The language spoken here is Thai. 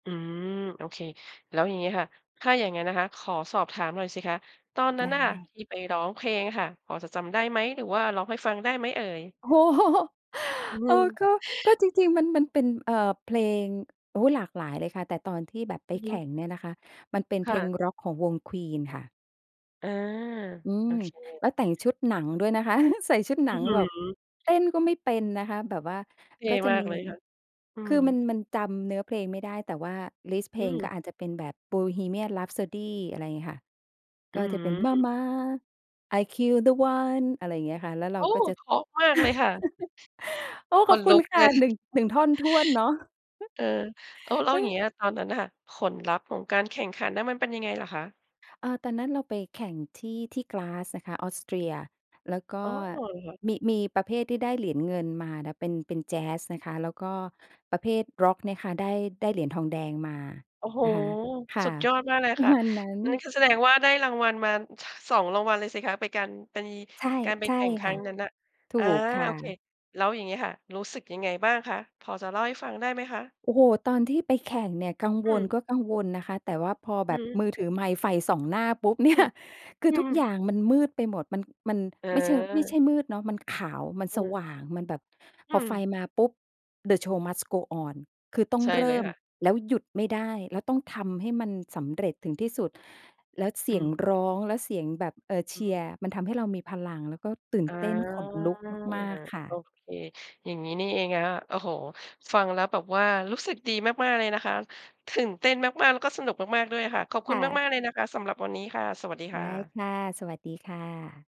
อืม โอเค แล้วอย่างงี้ค่ะ ถ้าอย่างงั้นนะคะขอสอบถามหน่อยสิคะ ตอนนั้ไดนน่ะค่ะ้ ที่ไปร้องเพลงอะค่ะ พอจะจำได้ไหม หรือว่าร้องให้ฟังได้ไหมเอ่ย? โอ้ โฮ อืโอ้ ม ก็ ก็จริง ๆ มัน มันเป็น เอ่อ เพลง โอ๊ย หลากหลายเลยค่ะ แต่ตอนที่แบบไปอือแฮข่ึ งเนี่ยนะคะ มันเป็นคเพ่ลงะ ร็อกของวง Queen ค่ะ อา อืโอม เค แล้วแต่งชุดหนังด้วยนะคะ ใส่ชุดหอนัื้องฮืแบบ อ เต้นก็ไม่เป็นนะคะ แบบว่า เท่ก็จะมามกี เลยค่ะ อืคือม มัน มันจำเนื้อเพลงไม่ได้ แต่ว่าลิสต์เพอืลงก็ม อาจจะเป็นแบบ "Bohemian Rhapsody" อะไรอย่างงี้ค่ะ อกื็้อจะเป็น ฮือ Mama, I kill the one อะไรอย่างเงี้ยค่ะ แล้วเรโอา้! ก็จะ เพราะมากเลยค่ะ โอ้! ขขอนบคลุุณกคเ่ละ ย หนึ่ง 1 ท่อนถ้วนเนาะ เออ โอ้ แล้วเอย่างเออ งี้ยตอนนั้นอะค่ะ ผลลัพธ์ของการแข่งขันนั้นมันน่ะเป็นยังไงเหรอคะ? เออ ตอนนั้นเราไปแข่งที่ ที่กราทซ์นะคะ ออสเตรีย แล้วกอ็๋อ เหรอคะ? มี มีประเภทที่ได้เหรียญเงินมานะ เป็น เป็นแจ๊สนะคะ แล้วก็ประเภทร็อกเนี่ยค่ะได้ ได้เหรียญทองแดงมาโอ้โฮ นะคะ ค่สะ ุดยอดมากเลยปรคะ ่ะ มาณนั้อันนี้น คือแสดงว่าได้รางวัลมา ท 2 รางวัลเลยสิคะ ไปการ ไป ใช่ การไปใชแ่ข่งคครั่้ะ งนั้นน่ะ ถูอา กค่โอเค ะ แล้วอย่างงี้ค่ะ รู้สึกยังไงบ้างคะ พอจะเล่าให้ฟังได้ไหมคะ? โอ้โฮ ตอนที่ไปแข่งเนี่ยกังอวืล ม ก็กังวลนะคะ แต่ว่าพออแืบอบฮึ มือถือไมค์ไฟส่องหน้าปุ๊บ เนอีื่ย ม คืออืทุกม อย่างมันมืดไปหมด มัน มันไม่เชิง ไม่ใชเออ ่มืดเนาะ มันขาว มันอืสอฮวึ ่าง มันแบบ อืพอไฟม มาปุ๊บ the show must go on คือต้องใช่เรเลิย่ม ค่ะ แล้วหยุดไม่ได้ แล้วต้องทำให้มันสำเร็จถึงที่สุด แล้วเสอืียงม ร้อง แล้วเสียงแบบ เอ่อ เอชือีฮยรึ ์ มันทำให้เรามีพลัง แล้วก็ตื่นอา เต้น ขนลุกมาก ๆ ค่โอะ เค อย่างงี้นี่เองนะคะ โอ้โฮ ฟังแล้วแบบว่ารู้สึกดีมาก ๆ เลยนะคะ ตื่นเต้นมาก ๆ แล้วก็สนุกมาก ๆ ด้วยค่ะ ขอบคคุณ่ะ มาก ๆ เลยนะคะสำหรับวันนี้ค่ะ สวัสดีคได่้ะ ค่ะ สวัสดีค่ะ